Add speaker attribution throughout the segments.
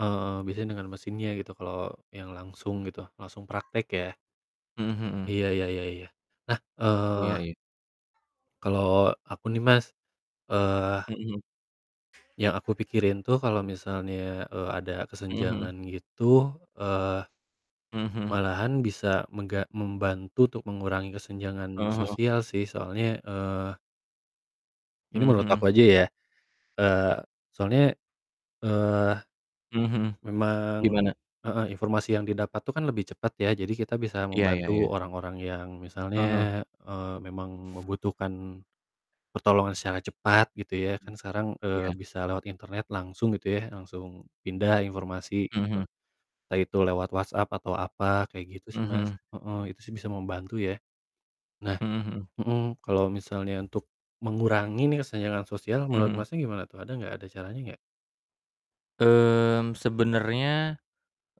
Speaker 1: Eee, biasanya dengan mesinnya gitu, kalo yang langsung gitu, langsung praktek ya.
Speaker 2: Mhm mhm.
Speaker 1: Iya iya iya iya. Nah,
Speaker 2: Iya
Speaker 1: eee
Speaker 2: iya.
Speaker 1: kalau aku nih Mas, eee
Speaker 2: Mhm.
Speaker 1: yang aku pikirin tuh kalo misalnya, eee, ada
Speaker 2: Mhm mhm.
Speaker 1: kesenjangan gitu, eee,
Speaker 2: Mhm mhm.
Speaker 1: malahan bisa mengga membantu untuk mengurangi kesenjangan
Speaker 2: Heeh heeh.
Speaker 1: sosial sih. Soalnya, eee ini
Speaker 2: Mhm
Speaker 1: menurut
Speaker 2: mhm.
Speaker 1: aku aja ya, eee, soalnya, eee,
Speaker 2: Mhm mhm.
Speaker 1: memang
Speaker 2: Gimana?
Speaker 1: heeh, informasi yang didapat tuh kan lebih cepat ya, jadi kita bisa
Speaker 2: Iya iya
Speaker 1: membantu
Speaker 2: iya.
Speaker 1: orang-orang yang
Speaker 2: Heeh heeh.
Speaker 1: misalnya, eee, memang membutuhkan pertolongan secara cepat gitu ya,
Speaker 2: Hmm,
Speaker 1: kan sekarang, eee,
Speaker 2: iya.
Speaker 1: bisa lewat internet langsung gitu ya, langsung pindah informasi
Speaker 2: Mhm
Speaker 1: gitu.
Speaker 2: mhm.
Speaker 1: Entah itu lewat WhatsApp atau apa, kayak gitu
Speaker 2: Mhm
Speaker 1: sih Mas.
Speaker 2: mhm.
Speaker 1: Heeh, itu sih bisa membantu ya. Nah
Speaker 2: Mhm mhm.
Speaker 1: mhm, kalau misalnya untuk mengurangi nih kesenjangan sosial,
Speaker 2: Mhm
Speaker 1: menurut
Speaker 2: mhm.
Speaker 1: Mas, gimana tuh? Ada gak, ada caranya gak?
Speaker 2: Mmm, sebenernya,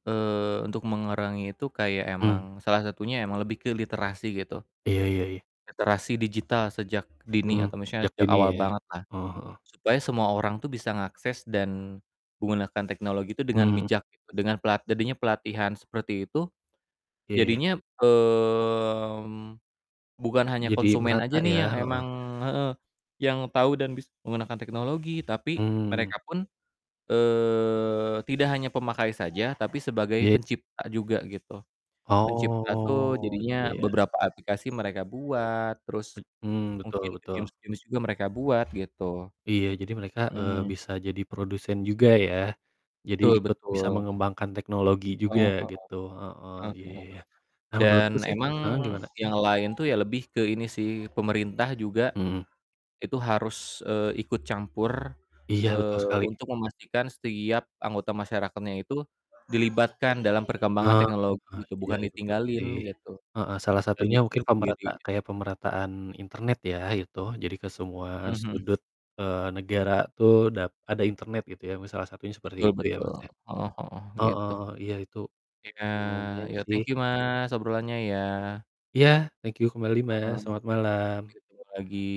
Speaker 2: eee, untuk mengerangi itu kayak
Speaker 1: Hmm.
Speaker 2: emang, salah satunya emang lebih ke literasi gitu.
Speaker 1: Iya iya iya.
Speaker 2: Literasi digital sejak dini
Speaker 1: Mhm,
Speaker 2: atau misalnya
Speaker 1: sejak
Speaker 2: sejak
Speaker 1: dini
Speaker 2: awal
Speaker 1: ya,
Speaker 2: banget lah,
Speaker 1: heeh heeh.
Speaker 2: supaya semua orang tuh bisa ngakses dan menggunakan teknologi itu dengan
Speaker 1: Mhm.
Speaker 2: bijak dengan pelat jadinya pelatihan seperti itu,
Speaker 1: Iya, ya ya.
Speaker 2: jadinya, mmm, bukan hanya
Speaker 1: Jadi
Speaker 2: konsumen
Speaker 1: merata
Speaker 2: aja nih
Speaker 1: ya,
Speaker 2: yang
Speaker 1: heeh.
Speaker 2: emang heeh, yang tau dan bisa menggunakan teknologi tapi
Speaker 1: Hmm.
Speaker 2: mereka pun, eee, tidak hanya pemakai saja, tapi sebagai
Speaker 1: Ye
Speaker 2: pencipta juga gitu. Pencipta tuh
Speaker 1: Oh,
Speaker 2: jadinya
Speaker 1: iya.
Speaker 2: beberapa aplikasi mereka buat, terus
Speaker 1: Bet mmm,
Speaker 2: mungkin
Speaker 1: betul betul.
Speaker 2: games-games juga mereka buat, gitu.
Speaker 1: Iya, jadi mereka, eee,
Speaker 2: Hmm.
Speaker 1: bisa jadi produsen juga ya. Jadi
Speaker 2: Betul
Speaker 1: ikut bisa
Speaker 2: betul.
Speaker 1: mengembangkan teknologi juga,
Speaker 2: Heeh heeh.
Speaker 1: gitu. Heeh,
Speaker 2: Heeh
Speaker 1: iya
Speaker 2: heeh.
Speaker 1: iya iya. Kalau
Speaker 2: Dan
Speaker 1: menurutku sih
Speaker 2: emang
Speaker 1: heeh, gimana?
Speaker 2: yang lain tuh ya lebih ke ini sih, pemerintah juga
Speaker 1: Mhm.
Speaker 2: itu harus, eee, ikut campur,
Speaker 1: Iya, betul
Speaker 2: eee,
Speaker 1: sekali.
Speaker 2: untuk memastikan setiap anggota masyarakatnya itu dilibatkan dalam perkembangan
Speaker 1: Heeh,
Speaker 2: teknologi gitu,
Speaker 1: iya
Speaker 2: bukan
Speaker 1: iya, betul
Speaker 2: ditinggalin
Speaker 1: sih,
Speaker 2: gitu,
Speaker 1: Heeh, salah
Speaker 2: dan
Speaker 1: satunya
Speaker 2: mikir
Speaker 1: mungkin
Speaker 2: sendiri
Speaker 1: pemerata
Speaker 2: gitu.
Speaker 1: kayak pemerataan internet ya, gitu, jadi ke semua
Speaker 2: Mhm mhm.
Speaker 1: sudut, eee, negara tuh dap ada internet gitu ya, misal salah satunya seperti
Speaker 2: Betul
Speaker 1: itu ya,
Speaker 2: betul.
Speaker 1: Mas, ya.
Speaker 2: Heeh heeh,
Speaker 1: Heeh,
Speaker 2: gitu.
Speaker 1: iya, itu
Speaker 2: Iya,
Speaker 1: lumayan
Speaker 2: ya
Speaker 1: sih.
Speaker 2: thank you, Mas, obrolannya ya.
Speaker 1: Iya, thank you kembali Mas,
Speaker 2: Heeh,
Speaker 1: selamat malam.
Speaker 2: gitu lagi.